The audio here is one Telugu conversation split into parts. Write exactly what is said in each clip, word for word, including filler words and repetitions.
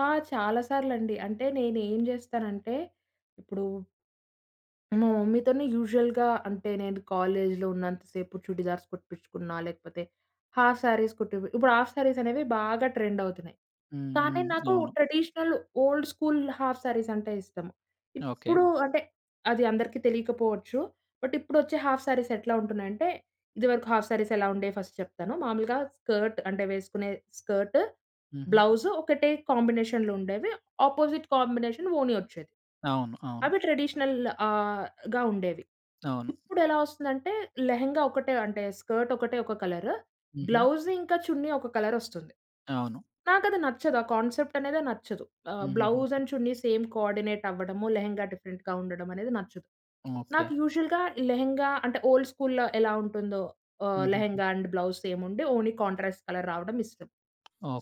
ఆ! చాలా సార్లుండి. అంటే నేనేం జేస్తానంటే, ఇప్పుడు మా మమ్మీతోని యూజువల్‌గా అంటే, నేను కాలేజీలో ఉన్నంత సేపు చుడీదార్స్ కుట్టిపించుకున్న. లేకపోతే, హాఫ్ శారీస్ కుట్టి పి ఇప్పుడు హాఫ్ శారీస్ అనేవి బాగా ట్రెండ్ అవుతున్నాయి. హ్మ్. కానీ, హ్మ్. నాకు అవును. Traditional old school half saris అంటే ఇష్టం. ఓకే. ఇప్పుడు అంటే, అది అందరికీ తెలియకపోవచ్చు. బట్ ఇప్పుడొచ్చే హాఫ్ శారీస్ ఎట్లా ఉంటున్నాయంటే, ఇదివరకు హాఫ్ శారీస్ ఎలా ఉండేవి ఫస్ట్ చెప్తాను. మామూలుగా స్కర్ట్ అంటే, వేసుకునే స్కర్టు హుహు. ,బ్లౌజు ఒకటే కాంబినేషన్లుండేవి. అపోజిట్ కాంబినేషన్ ఓని వచ్చేది. అవును. అవును. అవి ట్రెడిషనల్‌ ఆహ్, గా ఉండేవి. అవును. ఇప్పుడు ఎలా వస్తుందంటే, లెహెంగా ఒకటే, అంటే స్కర్ట్ ఒకటే ఒక కలరు. హుహు. బ్లౌజు ఇంకా చున్నీ ఒక కలరొస్తుంది. అవును. నాకది నచ్చదు. ఆ కాన్సెప్ట్ అనేదే నచ్చదు. ఆ! హుహుహు. Blouse and chunnis same coordinate అవ్వడము లెహెంగా డిఫరెంట్‌గా ఉండడం అనేది నచ్చదు. నాకు ఓకే. యూజువల్‌గా లెహెంగా అంటే, ఓల్డ్ స్కూలులో ఎలా ఉంటుందో ఆహ్, హుహుహు. లెహెంగా అండ్ బ్లౌజ్ సేముండి ఓన్లీ కాంట్రాస్ట్ కలర్ రావడం ఇష్టం.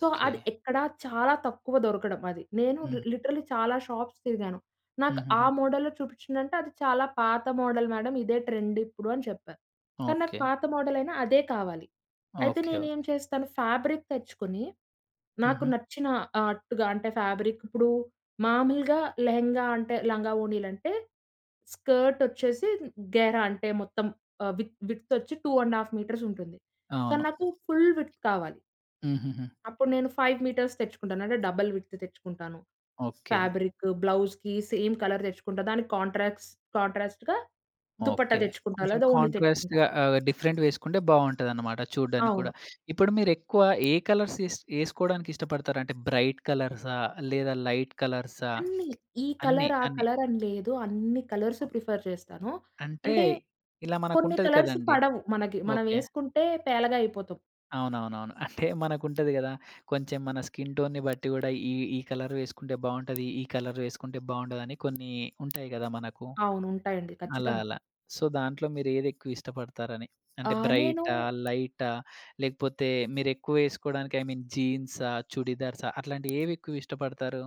సో, అది ఎక్కడా చాలా తక్కువ దొరకడం. అది నేను లి హ్మ్. లిటరల్లీ చాలా షాప్స్ తిరిగాను. నాకు ఆ హుహుహు. మోడల్‌లో చూపించ్ఛందంటే, అది చాలా పాత మోడల్ మేడం ఇదే ట్రెండ్ ఇప్పుడు అని చెప్పారు. కానీ, నాకు ఓకే. పాత మోడల్ అయినా అదే కావాలి. ఓకే. అయితే నేనేం ఓకే. చేస్తాను ఫ్యాబ్రిక్ తెచ్చుకొని, నాకు హుహు. నచ్చిన ఆట్టుగా అంటే ఫ్యాబ్రిక్ ఇప్పుడు మాములుగా లెహెంగా అంటే లంగావోణీలు అంటే, స్కర్ట్ వచ్చేసి, గేరా అంటే మొత్తం ఆహ్, వి విడ్త్ వచ్చి టూ అండ్ ఆఫ్ మీటర్స్ ఉంటుంది. కానీ, అవును. నాకు ఫుల్ విడ్త్ కావాలి. హుహుహు. అప్పుడు నేను ఫైవ్ మీటర్స్ తెచ్చుకుంటాను. అంటే డబుల్ విడ్త్ తెచ్చుకుంటాను. ఓకే. ఫాబ్రికు బ్లౌజ్‌కి సేమ్ కలర్ తెచ్చుకుంటా. దానికి కాంట్రాస్ కాంట్రాస్ట్‌గా దుప్పట్టా ఓకే. తెచ్చుకుంటా కొంచెం లేదా ఓనీ కాంట్రాస్ట్‌ తెచ్చుకుంటా. ఆహ్, డిఫరెంట్‌వి వేసుకుంటే బాగుంటదన్నమాట చూడ్డానికి అవును. కూడా. ఇప్పుడు మీరెక్కువ ఏ కలర్స్ ఏస్ ఏసుకోవడానికి ఇష్టపడతారు? అంటే, బ్రైట్ కలర్సా? లేదా లైట్ కలర్సా? అన్ని ఈ అన్ని, కలర్, ఆ అన్ని? కలర్ అని లేదు. అన్ని కలర్స్ ఆ! ప్రిఫర్ చేస్తాను. అంటే, అంటే, ఇలా కొన్ని మనకుంటది కలర్స్ కదండీ! పడవు మనకి. మనం ఓకే. ఏసుకుంటే పేలగా అయిపోతాం. అవునవునవును. అంటే, మనకుంటది కదా! కొంచెం మన స్కిన్ టోన్‌ని బట్టి కూడా ఈ ఈ కలర్ వేసుకుంటే బావుంటది ఈ కలర్ వేసుకుంటే బావుండదని కొన్ని ఉంటాయి కదా! మనకు. అవును. ఉంటాయండి. అలా ఖచ్చితంగా. అలా. సో, దాంట్లో మీరేదెక్కువ ఇష్టపడతారని? ఆ! అంటే నేను బ్రైటా? లైటా? లేకపోతే మీరెక్కువ ఏసుకోవడానికి ఐ మీన్ జీన్సా? చుడిదార్సా? అట్లాంటివి ఏవి ఎక్కువిష్టపడతారు?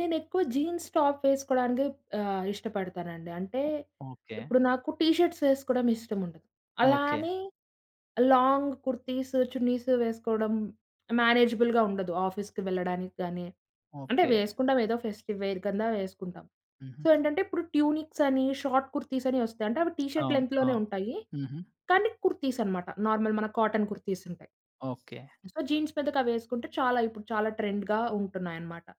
నేనెక్కువ జీన్స్, టాప్ వేసుకోవడానికే ఆహ్, ఇష్టపడతానండి. అంటే, ఓహ్! ఓకే. ఇప్పుడు నాకు టీ షర్ట్స్ వేసుకోవడం ఇష్టముండదు. అలా ఓకే. అని లాంగ్ కుర్తీసు, చున్నీసు వేసుకోవడం మేనేజబుల్‌గా ఉండదు. ఆఫీస్‌కి వెళ్ళడానికి గానీ అంటే ఓకే. వేసుకుంటాం ఏదో ఫెస్టివ్ వేర్ కింద వేసుకుంటాం. సో హుహు. ఏంటంటే, ఇప్పుడు ట్యూనిక్స్ అని షార్ట్ కుర్తీస్ అని వస్తాయి. అంటే అవి టీ షర్ట్ అవును. లెంగ్త్‌లోనే అవును. ఉంటాయి. హుహు. కానీ కుర్తీస్ అనమాట. నార్మల్ మన కాటన్ కుర్తీస్ ఉంటాయి. ఓకే. సో, జీన్స్ మీదకి అవేసుకుంటే చాలా ఇపుడు చాలా ట్రెండ్‌గా ఉంటున్నాయన్నమాట.